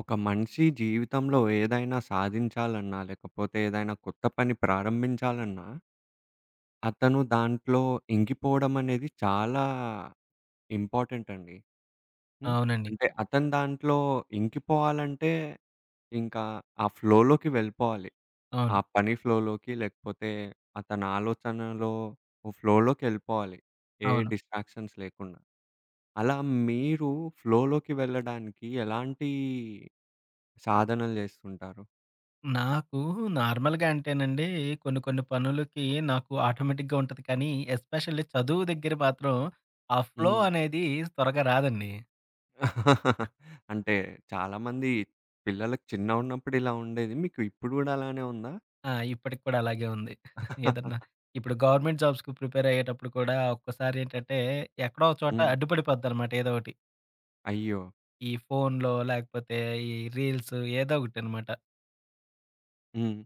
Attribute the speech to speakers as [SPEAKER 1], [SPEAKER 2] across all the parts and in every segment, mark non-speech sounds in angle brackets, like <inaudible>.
[SPEAKER 1] ఒక మనిషి జీవితంలో ఏదైనా సాధించాలన్నా, లేకపోతే ఏదైనా కొత్త పని ప్రారంభించాలన్నా అతను దాంట్లో ఇంకిపోవడం అనేది చాలా, ఇంపార్టెంట్ అండి.
[SPEAKER 2] ఆ!
[SPEAKER 1] హ్మ్.
[SPEAKER 2] అవునండి.
[SPEAKER 1] అంటే అతను దాంట్లో ఇంకిపోవాలంటే, ఇంకా ఆ ఫ్లోలోకి వెళ్ళిపోవాలి. ఆ
[SPEAKER 2] అవును.
[SPEAKER 1] పని ఫ్లోలోకి, లేకపోతే అతని ఆలోచనల్లో, ఫ్లోలోకెళ్ళిపోవాలి. ఏ
[SPEAKER 2] అవును.
[SPEAKER 1] డిస్ట్రాక్షన్స్ లేకుండా. అలా మీరు, ఫ్లోలోకి వెళ్ళడానికి, ఎలాంటీ సాధనలు చేస్తుంటారు?
[SPEAKER 2] నాకు నార్మల్‌గా అంటేనండి, కొన్ని కొన్ని పనులకి, నాకు ఆటోమేటిక్‌గా ఉంటది కానీ. ఎస్పెషల్లీ చదువు దగ్గర మాత్రం, ఆ ఫ్లో
[SPEAKER 1] హ్మ్.
[SPEAKER 2] అనేది త్వరగా రాదండి.
[SPEAKER 1] <laughs> అంటే చాలామంది, పిల్లలకి చిన్నగా ఉన్నప్పుడు ఇలా ఉండేది. మీకు ఇప్పుడు కూడా అలానే ఉందా?
[SPEAKER 2] ఆ! ఇప్పటికి కూడా అలాగే ఉంది. <chuckles> ఏదన్నా,
[SPEAKER 1] <laughs>
[SPEAKER 2] ఇప్పుడు గవర్నమెంట్ జాబ్స్‌కి ప్రిపేర్ అయ్యేటప్పుడు కూడా, ఒక్కోసారి ఏంటంటే, ఎక్కడో ఒక చోట
[SPEAKER 1] హ్మ్.
[SPEAKER 2] అడ్డుపడిపోద్దన్నమాట ఏదో ఒకటి.
[SPEAKER 1] అయ్యో!
[SPEAKER 2] ఈ ఫోనులో లేకపోతే, ఈ రీల్సు ఏదో ఒకటినమాట.
[SPEAKER 1] హ్మ్.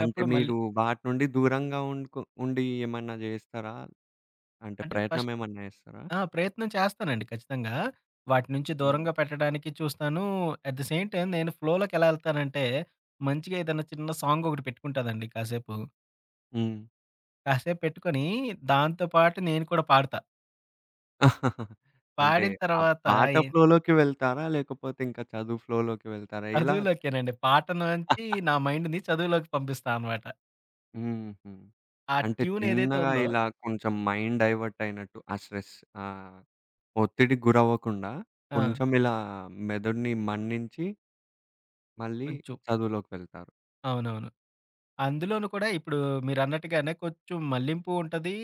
[SPEAKER 1] అంటే
[SPEAKER 2] మళ్ళీ
[SPEAKER 1] మీరు వాటి నుండి దూరంగా ఉండుకు ఉండి ఏమన్నా జేస్తారా? అంటే
[SPEAKER 2] అంటే
[SPEAKER 1] ప్రయత్నం
[SPEAKER 2] ఫస్ట్
[SPEAKER 1] ఏమన్నా జేస్తారా?
[SPEAKER 2] ఆ! ప్రయత్నం చేస్తానండి ఖచ్చితంగా. వాటి నుంచి
[SPEAKER 1] హ్మ్.
[SPEAKER 2] దూరంగా పెట్టడానికి చూస్తాను. అట్ ది సేమ్ టైం నేను ఫ్లోలోకెలా ఎళ్తానంటే, మంచిగా ఏదైనా చిన్న సాంగ్ ఒకటి పెట్టుకుంటానండి కాసేపు.
[SPEAKER 1] హ్మ్.
[SPEAKER 2] కాసేపు పెట్టుకొని దాంతో పాటు నేను కూడా పాడతా.
[SPEAKER 1] <chuckles> అంటే
[SPEAKER 2] పాడిన
[SPEAKER 1] ఆ
[SPEAKER 2] తర్వాత
[SPEAKER 1] పాట
[SPEAKER 2] ఎ
[SPEAKER 1] ఫ్లోలోకి వెళ్తారా? లేకపోతే ఇంకా చదువు ఫ్లోలోకి వెళ్తారా? ఇలా
[SPEAKER 2] <giggles> చదువులోకేనండి. పాట నుంచి
[SPEAKER 1] <chuckles>
[SPEAKER 2] నా మైండ్‌ని చదువులోకి పంపిస్తా అనమాట.
[SPEAKER 1] హుహు.
[SPEAKER 2] ఆ
[SPEAKER 1] అంటే
[SPEAKER 2] ట్యూనేదైతే
[SPEAKER 1] చిన్నగా
[SPEAKER 2] ఉందో
[SPEAKER 1] ఇలా కొంచెం మైండ్ డైవర్ట్ అయినట్టు ఆ స్ట్రెస్ ఆహ్, ఒత్తిడి గురవ్వకుండా
[SPEAKER 2] ఆ!
[SPEAKER 1] కొంచెం ఇలా మెదడిని మన్నించి మళ్ళీ
[SPEAKER 2] కొంచెం
[SPEAKER 1] చదువులోకి వెళ్తారు.
[SPEAKER 2] అవునవును. అందులోను కూడా ఇప్పుడు మీరన్నట్టుగానే కొంచెం మల్లింపు ఉంటది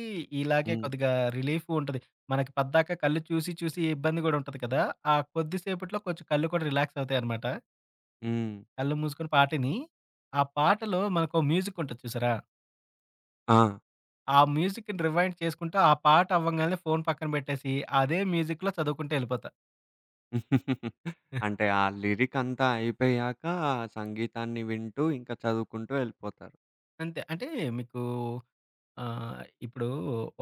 [SPEAKER 2] ఇలాగే
[SPEAKER 1] హ్మ్.
[SPEAKER 2] కొద్దిగా రిలీఫు ఉంటది. మనకి పద్దాకా కళ్ళు చూసి చూసి ఇబ్బంది కూడా ఉంటది కదా! ఆ కొద్దిసేపట్లో కొంచెం కళ్ళు కూడా రిలాక్స్ అవుతాయన్నమాట.
[SPEAKER 1] హ్మ్.
[SPEAKER 2] కళ్ళు మూసుకొని పాటిని. ఆ పాటలో మనకో మ్యూజికుంటది చూసారా?
[SPEAKER 1] ఆ!
[SPEAKER 2] ఆ మ్యూజిక్‌ని రివైండ్ చేసుకుంటూ ఆ పాట అవ్వంగానే ఫోను పక్కన పెట్టేసి అదే మ్యూజిక్‌లో చదువుకుంటూ ఎళ్ళిపోతా.
[SPEAKER 1] <chuckles>
[SPEAKER 2] <giggles>
[SPEAKER 1] అంటే, ఆ లిరికంతా అయిపోయాక సంగీతాన్ని వింటూ ఇంకా చదువుకుంటూ ఎళ్ళిపోతారు.
[SPEAKER 2] అంతే. అంటే మీకూ ఆహ్, ఇప్పుడు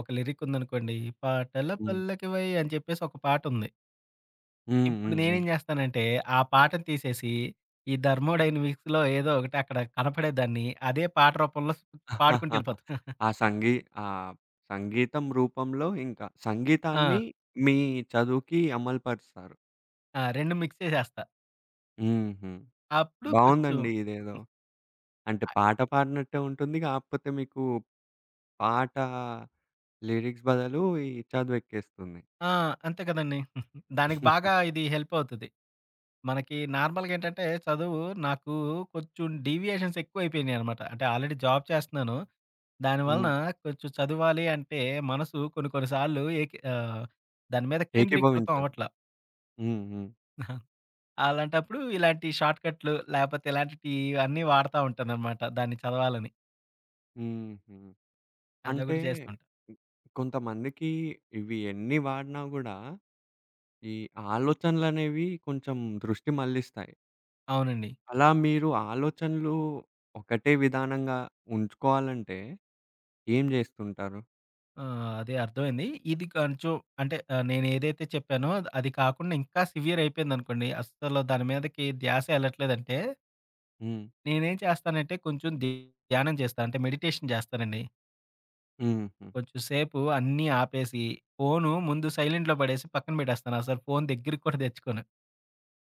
[SPEAKER 2] ఒక లిరీకుందనుకోండి 'పాటల
[SPEAKER 1] హ్మ్.
[SPEAKER 2] పల్లకివై' అని చెప్పేసి ఒక పాటుంది.
[SPEAKER 1] హ్మ్,
[SPEAKER 2] ఇప్పుడు
[SPEAKER 1] హ్మ్,
[SPEAKER 2] నేనేం
[SPEAKER 1] హ్మ్.
[SPEAKER 2] జేస్తానంటే ఆ పాటని తీసేసి ఈ థర్మోడైనమిక్స్‌లో ఏదో ఒకటి అక్కడ కనపడేదాన్ని అదే పాట రూపంలో పాడుకుంటూ ఎళ్ళిపోతా.
[SPEAKER 1] <chuckles>
[SPEAKER 2] <giggles>
[SPEAKER 1] ఆ సంగీ ఆహ్, సంగీతం రూపంలో ఇంక
[SPEAKER 2] ఆ!
[SPEAKER 1] సంగీతాన్ని మీ చదువుకి అమలుపరుస్తారు.
[SPEAKER 2] ఆ! 2 మిక్స్ చేసేస్తా.
[SPEAKER 1] హుహు.
[SPEAKER 2] అప్పుడు కొంచుం.
[SPEAKER 1] బావుందండి ఇదేదో.
[SPEAKER 2] <giggles>
[SPEAKER 1] అంటే,
[SPEAKER 2] అయ్
[SPEAKER 1] పాట పాడనట్టే ఉంటుంది. కాకపోతే మీకు పాటా లిరిక్స్ బదలు ఈ చదువెక్కేస్తుంది.
[SPEAKER 2] ఆ! అంతే కదండీ! <giggles> దానికి
[SPEAKER 1] <giggles>
[SPEAKER 2] బాగా ఇది హెల్పవుతది. మనకి నార్మల్‌గేంటంటే చదువు నాకు కొంచెం డీవియేషన్సెక్కువైపోయినియనమాట. అంటే, ఆల్రెడీ జాబ్ చేస్తున్నాను. దాని వలన
[SPEAKER 1] హ్మ్.
[SPEAKER 2] కొంచెం చదువాలి అంటే మనసు కొన్ని, కొన్ని సార్లు ఏకి ఆహ్, దాని మీద కేంద్రీకృతం
[SPEAKER 1] ఏకీభవించారు.
[SPEAKER 2] అవట్లా.
[SPEAKER 1] హ్మ్, హ్మ్.
[SPEAKER 2] <giggles> అలాంటప్పుడు ఇలాంటి షార్ట్ ‌‌‌క‌ట్లు లేపోతే ఇలాంటి టీ ఇవన్నీ వాడతా ఉంటాననమాట. దాన్ని చదవాలని.
[SPEAKER 1] హుహు. అంటే
[SPEAKER 2] అదోకటి చేస్తూంటా.
[SPEAKER 1] కొంతమందికి ఇవి ఎన్ని వాడినా గూడా, ఈ ఆలోచనలనేవి కొంచెం దృష్టి మళ్లిస్తాయి.
[SPEAKER 2] అవునండి.
[SPEAKER 1] అలా మీరు ఆలోచనలు, ఒకటే విధానంగా ఉంచుకోవాలంటే ఏం జేస్తుంటారు?
[SPEAKER 2] ఆ! అదే అర్థవైంది. ఇది కొంచెం అంటే నేనేదైతో చెప్పానో, అది కాకుండా, ఇంకా సివియరయిపోయిందనుకోండి. అస్సలు దాని మీదకి ద్యాసే ఎళ్ళట్లేదంటే
[SPEAKER 1] హ్మ్.
[SPEAKER 2] నేనేం చేస్తానంటే కొంచెం, ది ధ్యానం జేస్తా. అంటే మెడిటేషన్ జేస్తానండి.
[SPEAKER 1] హుహు.
[SPEAKER 2] కొంచెం సేపు అన్నీ ఆపేసి, ఫోను, ముందు సైలెంట్లో పడేసి పక్కన పెట్టేస్తాను. అసల ఫోను దెగ్గరికి కూడా తెచ్చుకొను.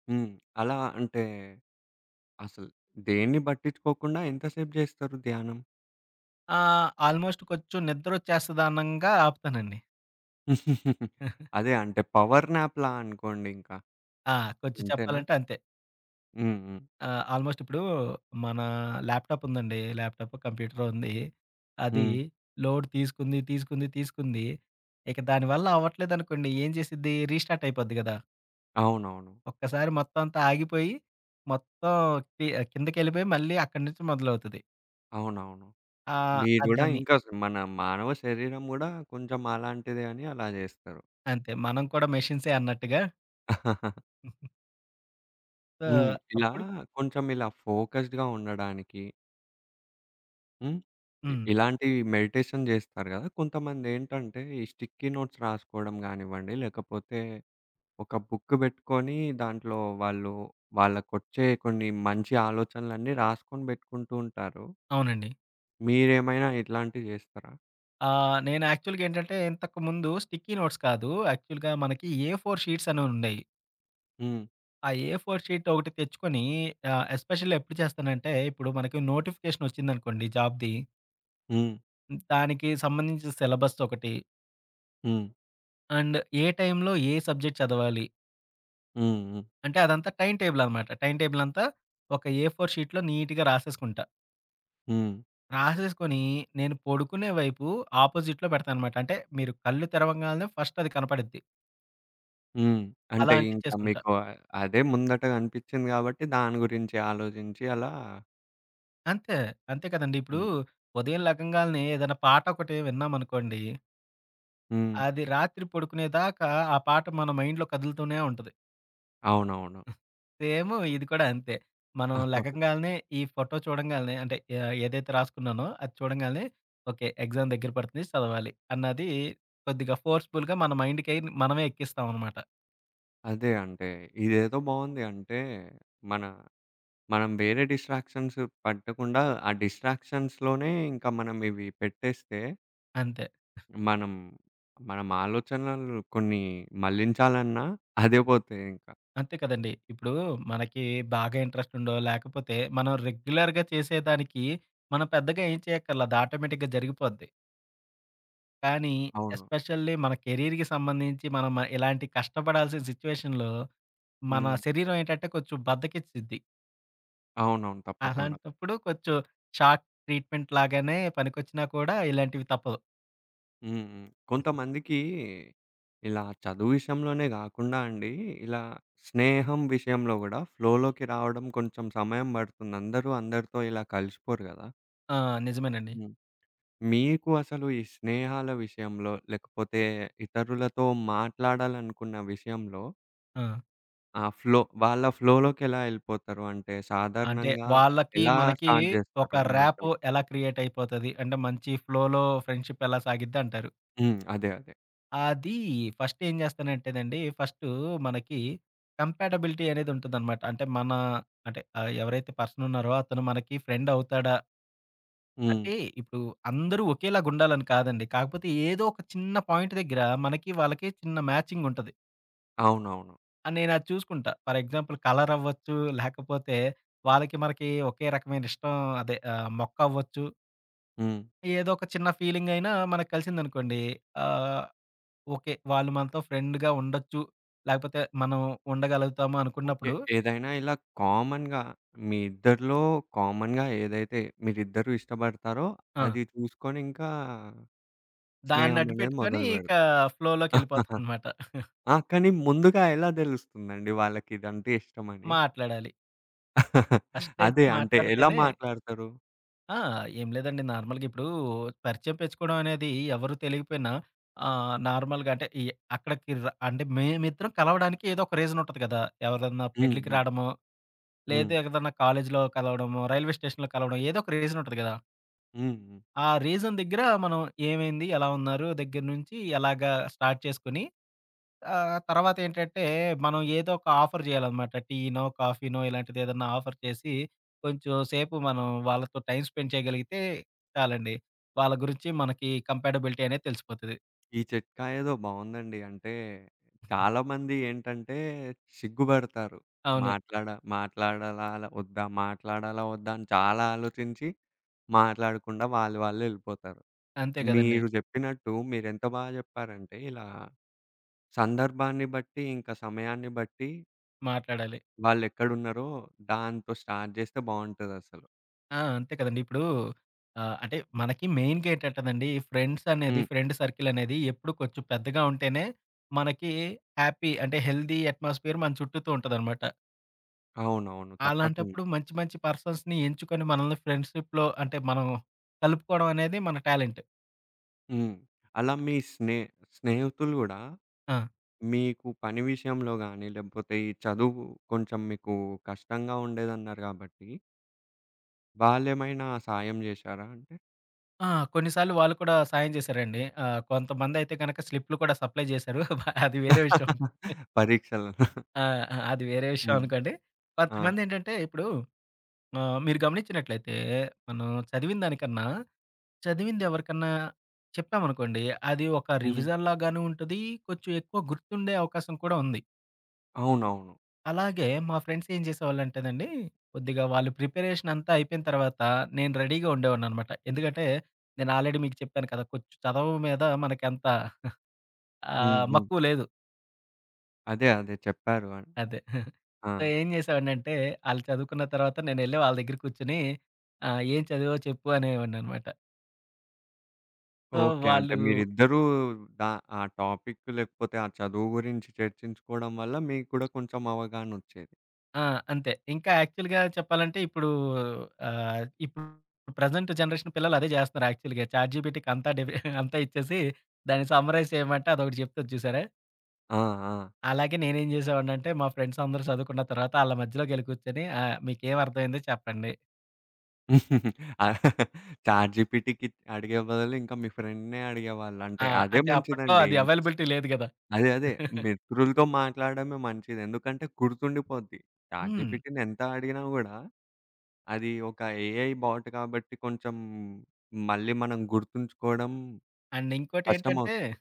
[SPEAKER 1] హ్మ్. అలా అంటే అసలు దేన్ని బట్టించుకోకుండా ఎంతసేపు జేస్తారు ధ్యానం?
[SPEAKER 2] ఆ! ఆల్మోస్ట్ కొంచెం నిద్రోచ్చేస్తది అనంగా, ఆపుతానండి.
[SPEAKER 1] <giggles>
[SPEAKER 2] <chuckles>
[SPEAKER 1] అదే. అంటే పవర్ నాప్‌లా అనుకోండింకా.
[SPEAKER 2] ఆ! కొంచెం
[SPEAKER 1] అంతేనా?
[SPEAKER 2] చెప్పాలంటే, అంతే.
[SPEAKER 1] హ్మ్. హ్మ్.
[SPEAKER 2] ఆ! ఆల్‌మోస్టిప్పుడు, మన ల్యాప్‌టాపుందండి. ల్యాప్‌టాపో, కంప్యూటరో ఉంది. అది
[SPEAKER 1] హ్మ్.
[SPEAKER 2] లోడ్ తీసుకుంది, తీసుకుంది, తీసుకుంది. ఇక దాని వల్ల అవ్వట్లేదనుకోండి. ఏం జేసిద్ది రీస్టార్టయిపోద్ది గదా!
[SPEAKER 1] అవునవును.
[SPEAKER 2] ఒక్కసారి మొత్తం అంతా ఆగిపోయి. మొత్తం కి ఆహ్, కిందకెళ్ళిపోయి మళ్ళీ అక్కడనుంచి మొదలవుతది.
[SPEAKER 1] అవునవును.
[SPEAKER 2] ఆహ్,
[SPEAKER 1] మీరు
[SPEAKER 2] ఆహ్,
[SPEAKER 1] గుడా
[SPEAKER 2] దాన్ని
[SPEAKER 1] ఇంకా స్ మన మానవ శరీరం కూడా కొంచెం అలాంటిదే అని అలా జస్తారు.
[SPEAKER 2] అంతే. మనం కూడా మెషిన్స్ అన్నట్టుగా.
[SPEAKER 1] <chuckles>
[SPEAKER 2] <giggles> ఆ!
[SPEAKER 1] హ్మ్. ఇలా
[SPEAKER 2] అప్పుడు
[SPEAKER 1] కొంచెం ఇలా ఫోకస్డ్‌గా ఉండడానికి హ్మ్. ఇ
[SPEAKER 2] హ్మ్.
[SPEAKER 1] ఇలాంటివి మెడిటేషన్ చేస్తారు కదా! కొంతమందేంటంటే ఈ స్టిక్కీ నోట్స్ రాసుకోవడం కానివ్వండి లేకపోతే, ఒక బుక్కు పెట్టుకొని దాంట్లో వాళ్ళు వాళ్ళకొచ్చే కొన్ని మంచి ఆలోచనలన్నీ రాసుకొని పెట్టుకుంటూ ఉంటారు.
[SPEAKER 2] అవునండి.
[SPEAKER 1] మీరేమైనా ఇట్లాంటివి చేస్తారా?
[SPEAKER 2] ఆహ్, నేను యాక్చువల్‌గా ఏంటంటే ఇంతకుముందు స్టిక్కీ నోట్స్ కాదు. యాక్చువల్‌గా మనకి ఏ ఫోర్‌షీట్సనేయి ఉండేయి.
[SPEAKER 1] హ్మ్.
[SPEAKER 2] ఆ! ఏ ఫోర్ట్‌షీటొకటి తెచ్చుకొని ఆహ్, ఎస్పెషల్లీ ఎప్పుడు చేస్తానంటే, ఇప్పుడు మనకి నోటిఫికేషనొచ్చిందనుకోండి జాబ్‌ది.
[SPEAKER 1] హ్మ్.
[SPEAKER 2] దానికి సంబంధించిన సిలబస్‌దొకటి.
[SPEAKER 1] హ్మ్.
[SPEAKER 2] అండ్ ఏ టైంలో ఏ సబ్జెక్ట్ చదవాలి.
[SPEAKER 1] హ్మ్. హ్మ్.
[SPEAKER 2] అంటే, అదంతా టైమ్ టేబుల్ అనమాట. టైమ్ టేబుల్ అంతా, ఒక ఏ ఫోర్ షీట్‌లో నీట్‌గా రాసేసుకుంటా.
[SPEAKER 1] హ్మ్.
[SPEAKER 2] రాసేసుకొని నేను పొడుకునే వైపు ఆపోజిట్‌లో పెడతాననమాట. అంటే, మీరు కళ్ళు తెరవంగాల్నే ఫస్ట్ అది కనపడిద్ది.
[SPEAKER 1] హ్మ్.
[SPEAKER 2] అలా
[SPEAKER 1] అంటే, ఇంకా
[SPEAKER 2] అంటిచేసుకుంటా.
[SPEAKER 1] మీకు ఆహ్, అదే ముందటగా కనిపిచింది కాబట్టి దాని గురించి ఆలోచించి అలా
[SPEAKER 2] అంతే. అంతే కదండీ. ఇప్పుడు
[SPEAKER 1] హ్మ్.
[SPEAKER 2] ఉదయం లెగంగాాల్నే ఏదైనా పాటొకటి విన్నామనుకోండి.
[SPEAKER 1] హ్మ్.
[SPEAKER 2] అది రాత్రి పొడుకునేదాకా ఆ పాట మన మైండ్‌లో కదులుతూనే ఉంటది.
[SPEAKER 1] అవునవును.
[SPEAKER 2] హ్మ్. సేమూ ఇది కూడా అంతే. మనం
[SPEAKER 1] <chuckles>
[SPEAKER 2] లెగంగాల్నే ఈ ఫోటో చూడంగాల్నే అంటే, ఆహ్, ఏదైతే రాసుకున్నానో అది చూడంగాల్నే ఓకే, ఎగ్జామ్ దెగ్గర పడతుంది చదవాలి. అన్నది కొద్దిగా ఫోర్స్‌బుల్‌గా మన మైండ్‌కై మనమే ఎక్కిస్తాామనమాట.
[SPEAKER 1] అదే అంటే, ఇదేదో బావుంది. అంటే, మన మనం వేరే డిస్ట్రాక్షన్స్ పట్టకుండా ఆ డిస్ట్రాక్షన్స్‌లోనే ఇంకా మనం ఇవి పెట్టేస్తే.
[SPEAKER 2] అంతే. ఆహ్
[SPEAKER 1] మనం మనం ఆలోచనలను కొన్ని మళ్లించాలన్నా <chuckles> అదే పోతదింకా.
[SPEAKER 2] అంతే కదండీ! ఇప్పుడు మనకి బాగా ఇంట్రెస్ట్ ఉండో లేకపోతే మనం రెగ్యులర్‌గా చేసేదానికి మనం పెద్దగా ఏం చేయక్కర్లా, అది ఆటోమేటిక్‌గా జరిగిపోద్ది. కానీ
[SPEAKER 1] అవును.
[SPEAKER 2] ఎస్పెషల్లీ మన కెరీర్‌కి సంబంధించి మనం మ ఇలాంటి కష్టపడాల్సిన సిట్యుయేషన్‌లో మన
[SPEAKER 1] హ్మ్.
[SPEAKER 2] శరీరం ఏంటంటే కొంచెం బద్ధకిచ్చిద్ది.
[SPEAKER 1] అవునవును. తప్పకుండా.
[SPEAKER 2] అలాంటప్పుడు కొంచెం షార్ట్ ట్రీట్‌మెంట్ లాగానే పనికొచ్చినా కూడా ఇలాంటివి తప్పదు.
[SPEAKER 1] హ్మ్. హ్మ్. కొంతమందికి ఇలా చదువు విషయంలోనే గాకుండా అండి, ఇలా స్నేహం విషయంలో గూడా ఫ్లోలోకి రావడం కొంచెం సమయం పడుతుంది. అందరూ అందరితో ఇలా కలిసిపోరు గదా!
[SPEAKER 2] ఆ! నిజమేనండి.
[SPEAKER 1] హ్మ్. మీకు అసలు ఈ స్నేహాల విషయంలో లేకపోతే ఇతరులతో మాట్లాడాలనుకున్న విషయంలో
[SPEAKER 2] ఆ!
[SPEAKER 1] ఆ! ఫ్లో వాళ్ళ ఫ్లోలోకి ఎలా ఎళ్ళిపోతారు అంటే
[SPEAKER 2] అంటే
[SPEAKER 1] సాధారణంగా
[SPEAKER 2] వాళ్ళకి,
[SPEAKER 1] ఎలా
[SPEAKER 2] మనకి
[SPEAKER 1] స్టార్ట్ జేస్తారు
[SPEAKER 2] ఒక
[SPEAKER 1] మాటం
[SPEAKER 2] ర్యాపో ఎలా క్రియేట్ అయిపోతది? అంటే మంచి ఫ్లోలో ఫ్రెండ్‌షిప్ ఎలా సాగిద్ది అంటారు?
[SPEAKER 1] హ్మ్. అదే. అదే.
[SPEAKER 2] అది ఫస్ట్ ఏం జేస్తానంటేనండి. ఫస్టూ మనకి కంపాటబిలిటీ అనేది ఉంటదనమాట. అంటే మన అంటే ఆహ్, ఎవరైతే పర్సనున్నారో అతను మనకి ఫ్రెండవుతాడా
[SPEAKER 1] హ్మ్.
[SPEAKER 2] అంటే ఇప్పుడు అందరూ ఒకేలాగుండాలని కాదండి. కాకపోతే ఏదో ఒక చిన్న పాయింట్ దగ్గర మనకి, వాళ్ళకీ చిన్న మ్యాచింగుంటది.
[SPEAKER 1] అవునవును.
[SPEAKER 2] ఆ నేను అది చూసుకుంటా. ఫర్ ఎగ్జాంపుల్ కలర్ అవ్వచ్చు. లేకపోతే వాళ్ళకి మనకి ఒకే రకమైన ఇష్టం అదే ఆహ్, మొక్కవ్వచ్చు.
[SPEAKER 1] హ్మ్.
[SPEAKER 2] ఏదో ఒక చిన్న ఫీలింగయినా మనకు కలిసిందనుకోండి. ఆహ్, ఓకే. వాళ్ళు మనతో ఫ్రెండ్‌గా ఉండొచ్చు. లేకపోతే మనం ఉండగలుగుతాము
[SPEAKER 1] ఓకే.
[SPEAKER 2] అనుకున్నప్పుడు
[SPEAKER 1] ఏదైనా ఇలా కామన్‌గా మీ ఇద్దరిలో కామన్‌గా ఏదైతే మీరిద్దరు ఇష్టబడతారో
[SPEAKER 2] ఆ!
[SPEAKER 1] అది చూసుకొని ఇంకా
[SPEAKER 2] దాన్ని
[SPEAKER 1] స్నేహం అనేది
[SPEAKER 2] అడ్డూపెట్టుకొని ఇక
[SPEAKER 1] మొదలుపెడత <chuckles>
[SPEAKER 2] ఫ్లోలోకిెళ్ళిపోతుందనమాట. <chuckles>
[SPEAKER 1] ఆ! కానీ ముందుగా ఎలా దెలుస్తుందండి వాళ్ళకి ఇదంటే ఇష్టమని?
[SPEAKER 2] మాట్లాడాలి.
[SPEAKER 1] <laughs>
[SPEAKER 2] ఫస్ట్ అయితే
[SPEAKER 1] అదే అంటే ఎలా
[SPEAKER 2] మాట్లాడితేనే
[SPEAKER 1] మాట్లాడతారు?
[SPEAKER 2] ఆ! ఏం లేదండి నార్మల్‌గా ఇప్పుడు పరిచయం పెచ్చుకోవడం అనేది ఎవరు తెలికిపోయినా. ఆహ్, నార్మల్‌గా అంటే ఈ అక్కడికి ర అంటే మేమిద్దరం కలవడానికి ఏదో ఒక రీజన్ ఉంటది కదా! ఎవరిదన్నా
[SPEAKER 1] హ్మ్.
[SPEAKER 2] పెళ్ళికి
[SPEAKER 1] హ్మ్.
[SPEAKER 2] రాడమో.
[SPEAKER 1] హ్మ్.
[SPEAKER 2] లేదు ఎదన్నా కాలేజీలో కలవడమో, రైల్వే స్టేషన్‌లో కలవడం. ఏదో ఒక రీజన్ ఉంటది కదా!
[SPEAKER 1] హ్మ్. హ్మ్.
[SPEAKER 2] ఆ రీజన్ దగ్గర మనం ఏమైంది? ఎలా ఉన్నారు? దగ్గర నుంచి ఎలాగా స్టార్ట్ చేసుకొని? ఆహ్, తర్వాతేంటంటే మనం ఏదో ఒక ఆఫర్ చేయాలనమాట. టీనో, కాఫీనో ఇలాంటిదేదన్నా ఆఫర్ చేసి కొంచెం సేపు మనం వాళ్ళతో టైమ్ స్పెండ్ చేయగలిగితే చాలండి. వాళ్ళ గురించి మనకి కంపేాటబిలిటీ అనేది తెలిసిపోతది.
[SPEAKER 1] ఈ చిట్కా ఏదో బాగవుందండి. అంటే, చాలామంది ఏంటంటే సిగ్గుబడతారు.
[SPEAKER 2] అవును.
[SPEAKER 1] మాట్లాడ మాట్లాడాలాలా ఒద్దా? మాట్లాడాల ఒద్దా అని చాలా ఆలోచించి. మాట్లాడకుండా వాళ్ళు వాళ్ళె వెళ్ళిపోతారు.
[SPEAKER 2] అంతే గదండీ.
[SPEAKER 1] మీరు చెప్పినట్టు మీరు ఎంత బాగా చెప్పారంటే ఇలా సందర్భాన్ని బట్టి ఇంకా సమయాన్ని బట్టి
[SPEAKER 2] మాట్లాడాలి.
[SPEAKER 1] వాళ్ళెక్కడున్నారో దాంతో స్టార్ట్ జేస్తే బావుంటదసలు.
[SPEAKER 2] ఆ! అంతే కదండి. ఇప్పుడూ ఆహ్, అంటే, మనకి మెయిన్‌గా ఏంటంటదండి ఫ్రెండ్స్ అనేది
[SPEAKER 1] హ్మ్.
[SPEAKER 2] ఫ్రెండ్ సర్కిల్ అనేది ఎప్పుడు కొంచెం పెద్దగా ఉంటేనే, మనకి హ్యాపీ అంటే హెల్దీ ఎట్‌మాస్ఫియర్ మన చుట్టూతు ఉంటదనమాట.
[SPEAKER 1] అవునవును. తప్పకుండా.
[SPEAKER 2] అలాంటప్పుడు మంచి మంచి పర్సన్స్‌ని ఎంచుకొని మనల్ని ఫ్రెండ్‌షిప్‌లో అంటే, మనం కలుపుకోడం అనేది మన టాలెంట్.
[SPEAKER 1] హ్మ్. అలా మీ స్నే స్నేహితులు గూడా
[SPEAKER 2] ఆ!
[SPEAKER 1] మీకు పని విషయంలో గానీ, లేపోతే ఈ చదువు కొంచెం మీకు కష్టంగా ఉండేదన్నారు గాబట్టి వాళేమైనా సాయం జేశారా అంటే?
[SPEAKER 2] ఆ! కొన్నిసార్లు వాళ్ళు కూడా సాయం జేశారండి. ఆహ్, కొంతమంది అయితే గనక స్లిప్‌లు కూడా సప్లయ్ చేశారు. బ అది వేరే విషయం.
[SPEAKER 1] పరీక్షలు.
[SPEAKER 2] ఆ! ఆ! అది వేరే విషయం
[SPEAKER 1] హ్మ్.
[SPEAKER 2] అనుకోండి.
[SPEAKER 1] ఆ!
[SPEAKER 2] కొంతమందేంటంటే ఇప్పుడు ఆహ్, మీరు గమనించినట్లయితే మనం చదివిన దానికన్నా, చదివిందెవరికన్నా చెప్పామనుకోండి అది ఒక
[SPEAKER 1] హ్మ్.
[SPEAKER 2] రివిజన్‌లాగాను ఉంటది. కొంచెం ఎక్కువ గుర్తుండే అవకాశం కూడా ఉంది.
[SPEAKER 1] అవునవును.
[SPEAKER 2] అలాగే మా ఫ్రెండ్స్ ఏం చేసేవాళ్ళంటేనండి కొద్దిగా వాళ్ళు ప్రిపరేషనంతా అయిపోయిన తర్వాత నేను రెడీగా ఉండేవాడినినమాట. ఎందుకంటే నేను ఆల్రెడీ మీకు చెప్పాను కదా! కొంచం చదవ మీద మనకంత <chuckles>
[SPEAKER 1] హ్మ్.
[SPEAKER 2] ఆహ్,
[SPEAKER 1] హ్మ్.
[SPEAKER 2] మక్కువ లేదు.
[SPEAKER 1] అదే అదే చెప్పారు అని
[SPEAKER 2] అదే. <chuckles>
[SPEAKER 1] ఆ!
[SPEAKER 2] సో, ఏం చేసావాడినింటే ఆళ్ళు చదువుకున్న తర్వాత నేనెళ్ళి వాళ్ళ దగ్గర కూర్చొని ఆహ్, "ఏం చదివావో చెప్పు?" అనేవాడినినమాట. So,
[SPEAKER 1] okay. అంటే
[SPEAKER 2] వాళ్ళు
[SPEAKER 1] మీరిద్దరూ ద ఆ టాపిక్ లేకపోతే, ఆ చదువు గురించి చర్చించుకోవడం వల్ల మీకు కూడా కొంచెం అవగాహనొచ్చేది.
[SPEAKER 2] ఆ! అంతే. ఇంక యాక్చువల్‌గా చెప్పాలంటే ఇప్పుడు ఆహ్, ఇప్పుడు ప్రెజెంట్ జనరేషన్ పిల్లలు అదే చేస్తున్నారు యాక్చువల్‌గా. చాట్‌జీపీటీ అంతా డివ <chuckles> అంతా ఇచ్చేసి దాన్ని సమ్మరైజ్ ఏమంటే అదొకటి చెప్తూది చూసారా?
[SPEAKER 1] ఆ! ఆ!
[SPEAKER 2] అలాగే నేనేం చేసేవాడనింటే మా ఫ్రెండ్స్ అందరూ చదువుకున్న తర్వాత ఆళ్ళ మధ్యలో కెళ్ళికూర్చొని ఆహ్, "మీకేమర్థమైందో చెప్పండి."
[SPEAKER 1] <laughs> చాట్‌జీపీటీకి అడిగే బదులు ఇంక మీ ఫ్రెండ్‌నే అడిగేవాళ్ళు
[SPEAKER 2] ఆ!
[SPEAKER 1] అంటే అదే
[SPEAKER 2] అంటే అప్పట్లో
[SPEAKER 1] మంచిదండి.
[SPEAKER 2] అది అవైలబిలిటీ లేదు కదా!
[SPEAKER 1] అదే అదే.
[SPEAKER 2] <chuckles>
[SPEAKER 1] మిత్రులతో మాట్లాడడమే మంచిది. ఎందుకంటే గుర్తుండిపోద్ది.
[SPEAKER 2] హ్మ్.
[SPEAKER 1] చాట్‌జీపీటీని ఎంత అడిగినా గూడా అది ఒక ఏఐ బాట్ కాబట్టి కొంచెం మళ్ళీ మనం గుర్తుంచుకోవడం
[SPEAKER 2] అండ్ ఇంకోటేంటంటే
[SPEAKER 1] కష్టమవుతది.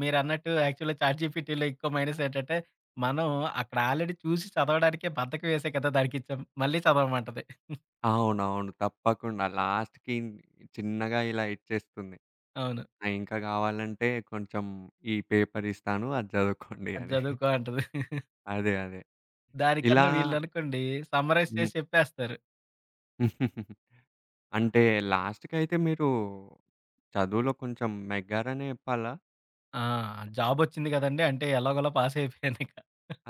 [SPEAKER 2] మీరన్నట్టు యాక్చువల్‌గా చాట్‌జీపీటీలో ఎక్కువ మైనసేంటంటే, మనం అక్కడ ఆల్రెడీ చూసి చదవడానికే బద్ధకం వేసే కదా! దానికిచ్చాం మళ్ళీ చదవామంటది. <giggles>
[SPEAKER 1] అవునవును. తప్పకుండా లాస్ట్‌కి చిన్నగా ఇలా ఇచ్చేస్తుంది.
[SPEAKER 2] అవును.
[SPEAKER 1] ఆ ఇంక కావాలంటే కొంచెం ఈ పేపర్ ఇస్తాను అది చదువుకోండి
[SPEAKER 2] అది
[SPEAKER 1] అని.
[SPEAKER 2] చదువుకో అంటది. <chuckles>
[SPEAKER 1] అదే. అదే. ఇలా
[SPEAKER 2] దానికన్నా వీళ్ళనుకోండి సమ్మరైజ్
[SPEAKER 1] హ్మ్.
[SPEAKER 2] చేసి చెప్పేస్తారు.
[SPEAKER 1] <giggles> అంటే, లాస్ట్‌కైయితే మీరు చదువులో కొంచెం నెగ్గారనే చెప్పాలా?
[SPEAKER 2] ఆ! జాబొచ్చింది కదండీ! అంటే ఎలాగోలో పాసయిపోయాను ఇక.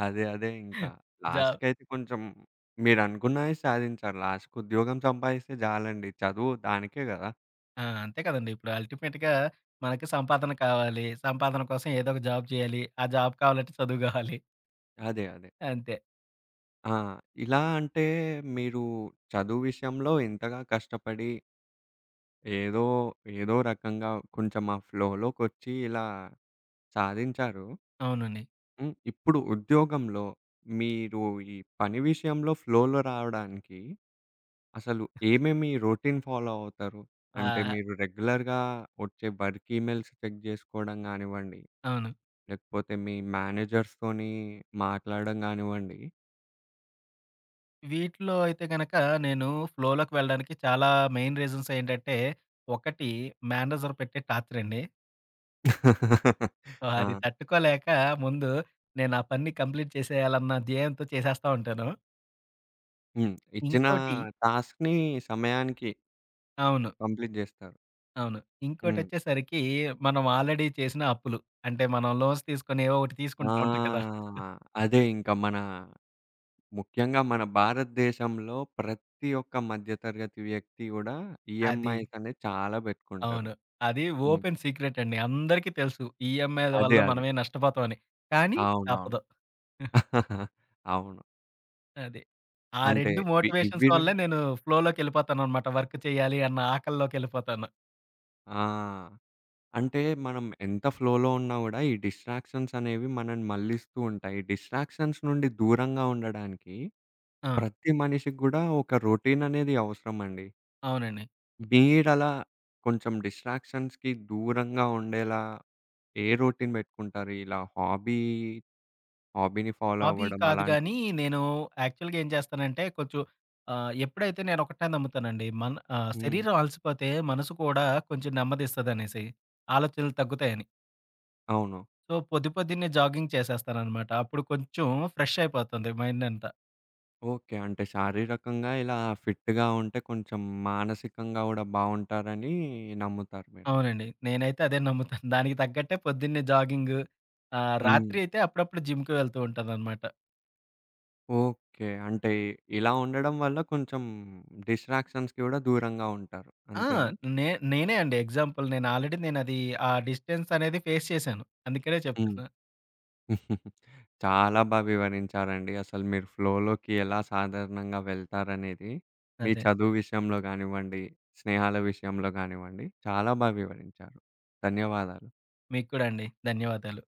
[SPEAKER 1] అదే, అదే ఇంకా.
[SPEAKER 2] జా
[SPEAKER 1] లాస్ట్‌కైతే కొంచెం మీరనుకున్నదే సాధించారు. లాస్ట్‌కి ఉద్యోగం సంపాదిస్తే జాలండి చదువు దానికే కదా!
[SPEAKER 2] ఆ! అంతే కదండీ. ఇప్పుడు అల్టిమేట్‌గా మనకి సంపాదన కావాలి, సంపాదన కోసం ఏదో ఒక జాబ్ జేయాలి. ఆ జాబ్ కావాలంటే చదువుగావాలి. <chuckles>
[SPEAKER 1] అదే, అదే.
[SPEAKER 2] అంతే.
[SPEAKER 1] ఆ! ఇలా అంటే మీరు చదువు విషయంలో ఇంతగా కష్టపడి... ఏదో ఏదో రకంగా కొంచెం ఆ ఫ్లోలో ఫ్లోలోకొచ్చి ఇలా సాధించారు.
[SPEAKER 2] అవునండి.
[SPEAKER 1] హ్మ్. ఇప్పుడు ఉద్యోగంలో మీరు ఈ పని విషయంలో ఫ్లోలో రావడానికి, అసలు ఏమేమి రొటీన్ ఫాలో అవుతారు? అంటే
[SPEAKER 2] ఆహా!
[SPEAKER 1] మీరు రెగ్యులర్‌గా వచ్చే వర్క్ ఈమెయిల్స్ చెక్ చేసుకోవడం గానివ్వండి,
[SPEAKER 2] అవును.
[SPEAKER 1] లేకపోతే మీ మేనేజర్స్ తోని మాట్లాడడం గానివ్వండి
[SPEAKER 2] వీటిలో అయితే గనుక, నేను ఫ్లోలోకి వెళ్ళడానికి చాలా మెయిన్ రీజన్సేంటంటే, ఒకటి, మేనేజర్ పెట్టే టార్చరండి.
[SPEAKER 1] <laughs>
[SPEAKER 2] సో, అది
[SPEAKER 1] ఆ!
[SPEAKER 2] తట్టుకోలేక ముందు నేను ఆ పని కంప్లీట్ చేసేయాలన్న ధ్యయంతో చేసేస్తా ఉంటాను.
[SPEAKER 1] హ్మ్. ఇచ్చిన
[SPEAKER 2] ఇంకోటి
[SPEAKER 1] టాస్క్‌ని సమయానికి
[SPEAKER 2] అవును.
[SPEAKER 1] కంప్లీట్ చేస్తారు.
[SPEAKER 2] అవును.
[SPEAKER 1] హ్మ్.
[SPEAKER 2] ఇంకోటొచ్చేసరికి మనం ఆల్రెడీ చేసిన అప్పులు. అంటే, మనం లోన్స్ తీసుకొని ఏవో ఒకటి
[SPEAKER 1] ఆ!
[SPEAKER 2] తీసుకుంటా ఉంటాం కదా! <chuckles>
[SPEAKER 1] అదే ఇంకా మన ముఖ్యంగా మన భారతదేశంలో ప్రతి ఒక్క మధ్య తరగతి వ్యక్తి కూడా
[SPEAKER 2] అది.
[SPEAKER 1] ఈఎంఐస్ అనేది చాలా పెట్టుకుంటారు.
[SPEAKER 2] అవును. అది
[SPEAKER 1] హ్మ్.
[SPEAKER 2] ఓపెన్ సీక్రెట్ అండి. అందరికీ తెలుసు. ఈఎంఐల
[SPEAKER 1] అదే,
[SPEAKER 2] వల్ల
[SPEAKER 1] అదే.
[SPEAKER 2] మనమే నష్టపోతాం అని. కానీ
[SPEAKER 1] అవునవును.
[SPEAKER 2] తప్పదు. <giggles>
[SPEAKER 1] <chuckles> అవును.
[SPEAKER 2] అది. ఆ
[SPEAKER 1] అంటే,
[SPEAKER 2] 2
[SPEAKER 1] ఇవి
[SPEAKER 2] మోటివేషన్స్
[SPEAKER 1] ఇవి ర
[SPEAKER 2] వల్లే నేను ఫ్లోలోకెళ్ళిపోతాననమాట. వర్క్ చేయాలి అన్న ఆకల్లోకెళ్ళిపోతాను.
[SPEAKER 1] ఆ! అంటే, మనం ఎంత ఫ్లోలో ఉన్నా గూడా ఈ డిస్ట్రాక్షన్సనేవి మనల్ని మళ్లిస్తూంటాయి. డిస్ట్రాక్షన్స్ నుండి దూరంగా ఉండడానికి
[SPEAKER 2] ఆ!
[SPEAKER 1] ప్రతి మనిషికి కూడా ఒక రొటీననేది అవసరమండి.
[SPEAKER 2] అవునండి.
[SPEAKER 1] మీరలా కొంచెం డిస్ట్రాక్షన్స్‌కి దూరంగా ఉండేలా? ఏ రోటీన్ పెట్టుకుంటారు? ఇలా హాబీ, హాబీని ఫాలో
[SPEAKER 2] అబీ
[SPEAKER 1] అవ్వడం
[SPEAKER 2] కాదు
[SPEAKER 1] అలాంటివి.
[SPEAKER 2] గానీ నేను యాక్చువల్‌గా ఏం చేస్తానంటే కొంచెం ఆహ్, ఎప్పుడైతే నేనొకటే నమ్ముతానండి. మన ఆహ్
[SPEAKER 1] హ్మ్.
[SPEAKER 2] శరీరం అలసిపోతే మనసు కూడా కొంచెం నెమ్మదిస్తదనేసి. ఆలోచనలు తగ్గుతాయని.
[SPEAKER 1] అవును.
[SPEAKER 2] సో, పొద్ది పొద్దన్నే జాగింగ్ చేసేస్తాననమాట. అప్పుడు కొంచెం ఫ్రెష్ అయిపోతుంది మైండంతా.
[SPEAKER 1] ఓకే. అంటే, శారీరకంగా ఇలా ఫిట్‌గా ఉంటే కొంచెం మానసికంగా కూడా బావుంటారని నమ్ముతారు మీరు.
[SPEAKER 2] అవునండి. నేనైతే అదే నమ్ముతాను. <giggles> దానికి తగ్గట్టే పొద్దున్నే జాగింగు ఆహ్,
[SPEAKER 1] హ్మ్.
[SPEAKER 2] రాత్రి అయితే అప్పుడప్పుడు జిమ్‌కి వెళ్తూంటాననమాట.
[SPEAKER 1] ఓకే. అంటే, ఇలా ఉండడం వల్ల కొంచెం డిస్ట్రాక్షన్స్‌కి కూడా దూరంగా ఉంటారు.
[SPEAKER 2] ఆ!
[SPEAKER 1] అంతేనా?
[SPEAKER 2] నే నేనే అండి ఎగ్జాంపుల్ నేను ఆల్రెడీ నేనది ఆ డిస్టెన్సనేది ఫేస్ చేశాను. అందుకనే
[SPEAKER 1] హ్మ్.
[SPEAKER 2] చెప్తున్న.
[SPEAKER 1] <chuckles> చాలా బా వివరించారండి. అసలు మీరు ఫ్లోలోకి ఎలా సాధారణంగా వెళ్తారనేది? మీ
[SPEAKER 2] అదే.
[SPEAKER 1] చదువు విషయంలో కానివ్వండి, స్నేహాల విషయంలో కానివ్వండి చాలా బా వివరించారు. ధన్యవాదాలు.
[SPEAKER 2] మీకు కూడా అండి. ధన్యవాదాలు.